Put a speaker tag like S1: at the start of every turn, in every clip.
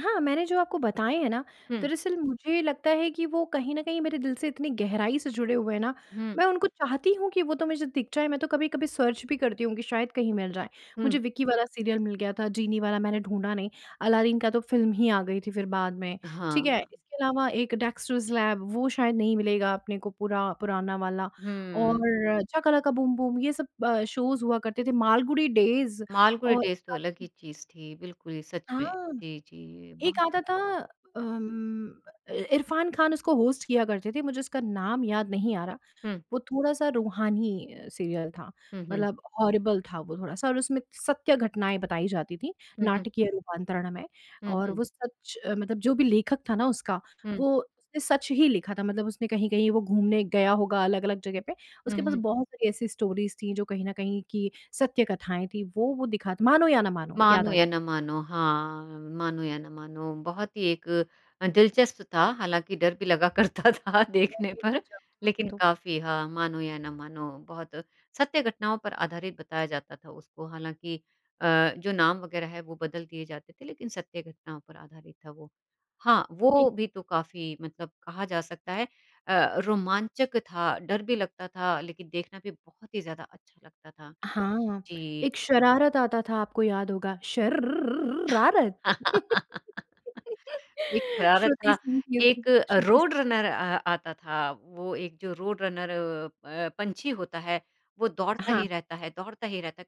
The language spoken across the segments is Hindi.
S1: हाँ, मैंने जो आपको बताएँ हैं ना,
S2: हुँ।
S1: दरअसल मुझे लगता है कि वो कहीं न कहीं मेरे दिल से इतनी गहराई से जुड़े हुए हैं ना,
S2: हुँ।
S1: मैं उनको चाहती हूँ कि वो तो मुझे दिख जाए, मैं तो कभी-कभी सर्च भी करती हूँ कि शायद कहीं मिल जाएँ।
S2: हुँ।
S1: मुझे विक्की वाला सीरियल मिल गया था, जीनी वाला मैंने ढूँढ़ा नहीं, अलादीन का तो फ़िल्म ही आ गई थी फिर बाद में, ठीक है?
S2: हाँ।
S1: इसके अलावा एक डेक्सटर्स लैब वो शायद नहीं मिलेगा अपने को पूरा पुराना वाला
S2: हुँ।
S1: और शकालका बूम-बूम ये सब अ, शोज़ हुआ करते थे, मालगुड़ी डेज़
S2: मालगुड़ी
S1: और
S2: डेज़ तो अलग ही
S1: [unintelligible]
S2: चीज़ थी, बिल्कुल ही सच में।
S1: हाँ।
S2: जी, जी,
S1: एक
S2: बहुत ही
S1: आता था अम, अ, इ इरफ़ान खान उसको होस्ट किया करते थे, मुझे उसका नाम याद नहीं आ रहा।
S2: हुँ।
S1: वो थोड़ा-सा रूहानी सीरियल था,
S2: हुँ, हुँ।
S1: मतलब हॉरिबल था वो थोड़ा-सा और उसमें सत्य घटनाएँ बताई जाती थी,
S2: हुँ, हुँ।
S1: नाटकीय रूपांतरण में।
S2: हुँ,
S1: और
S2: हुँ।
S1: वो सच मतलब जो भी लेखक था ना उसका
S2: हुँ।
S1: वो उसने सच ही लिखा था मतलब उसने कहीं-कहीं वो घूमने गया होगा अलग-अलग जगह पे,
S2: हुँ,
S1: उसके पास
S2: हुँ।
S1: बहुत सारी ऐसी स्टोरीज़ थी, जो कहीं न कहीं कि सत्य कथाएँ थी, वो वो दिखाता मानो या ना मानो, याद
S2: मानो
S1: आ
S2: या ना मानो हाँ मानो या ना मानो, बहुत ही एक अ, दिलचस्प था हालाँकि डर भी लगा करता था देखने पर
S1: [unintelligible] वो
S2: लेकिन
S1: तो।
S2: काफ़ी हाँ, मानो या ना मानो बहुत सत्य घटनाओं पर आधारित बताया जाता था उसको, हालाँकि अ, जो नाम वग़ैरह है, वो बदल दिए जाते थे लेकिन सत्य घटनाओं पर आधारित था वो। हाँ,
S1: ए
S2: वो भी तो काफ़ी मतलब कहा जा सकता है अ, रोमांचक था, डर भी लगता था लेकिन देखना भी बहुत ही ज़्यादा अच्छा लगता था।
S1: हाँ,
S2: जी।
S1: एक शरारत आता था आपको याद होगा शर र र र रारत।
S2: एक शरारत
S1: श्रुति
S2: था।
S1: सिंह थी उसमें,
S2: एक
S1: श्रुति सि
S2: रोड़ रनर अ, आता था, वो एक जो रोड़ रनर अ अ, पँछी होता है, वो दौड़ता
S1: हाँ।
S2: ही रहता है, दौड़ता ही रहता है,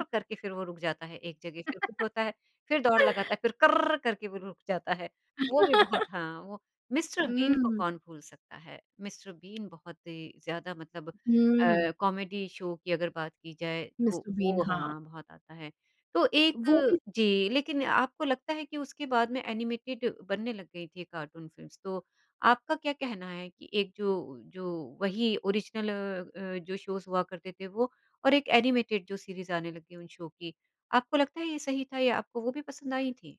S1: अ
S2: करके फिर वो रुक जाता है, एक जगह से फिर कुछ होता है, फिर दौड़ लगाता है फिर करररर करके वो रुक जाता है। वो भी बहुत हाँ वो मिस्टर
S1: हुँ,
S2: बीन को
S1: हुँ।
S2: कौन भूल सकता है, मिस्टर बीन बहुत ही ज़्यादा मतलब
S1: हुँ।
S2: अ, कॉमेडी शो की अगर बात की जाए, तो
S1: मिस्टर बीन,
S2: वो
S1: हाँ।
S2: हाँ, बहुत आता है। तो
S1: वो
S2: एक
S1: भी
S2: जी लेकिन आपको लगता है कि उसके बाद में एनिमेटेड बनने लग गईं थी कार्टून फ़िल्म्स, तो आपका क्या कहना है कि एक जो जो वही ओरिजिनल अ अ, जो शोज़ हुआ करते थे, वो और एक एनिमेटेड जो सीरीज़ आने लग गई उन शो की, आपको लगता है ये सही था या आपको वो भी पसंद आईं थी?